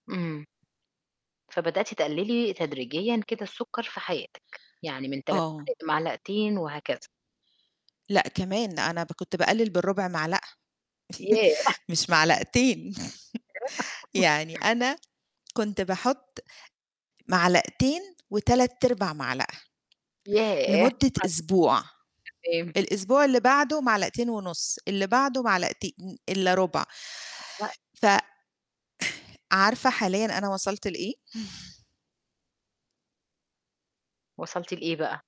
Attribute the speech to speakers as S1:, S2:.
S1: إمم. فبدأتِ تقلّلي تدريجيًا كده السُكّر في حياتِك، يعني من 3
S2: آه.
S1: معالق لمعلقتين وهكذا.
S2: لأ، كمان أنا ب كنت باقلّل بالرُبع معلقة،
S1: ياه!
S2: مش معلقتين. يعني أنا كنت باحُطّ معلقتين وتلات إربع معلقة،
S1: ياه!
S2: لمدة
S1: [unintelligible]
S2: أسبوع،
S1: تمام.
S2: الأسبوع اللي بعدُه معلقتين ونُصّ، اللي بعده معلقتين إلّا رُبع. ف
S1: [unintelligible]
S2: عارفة حاليًا أنا وصلت لإيه؟
S1: وصلتِ لإيه بقى؟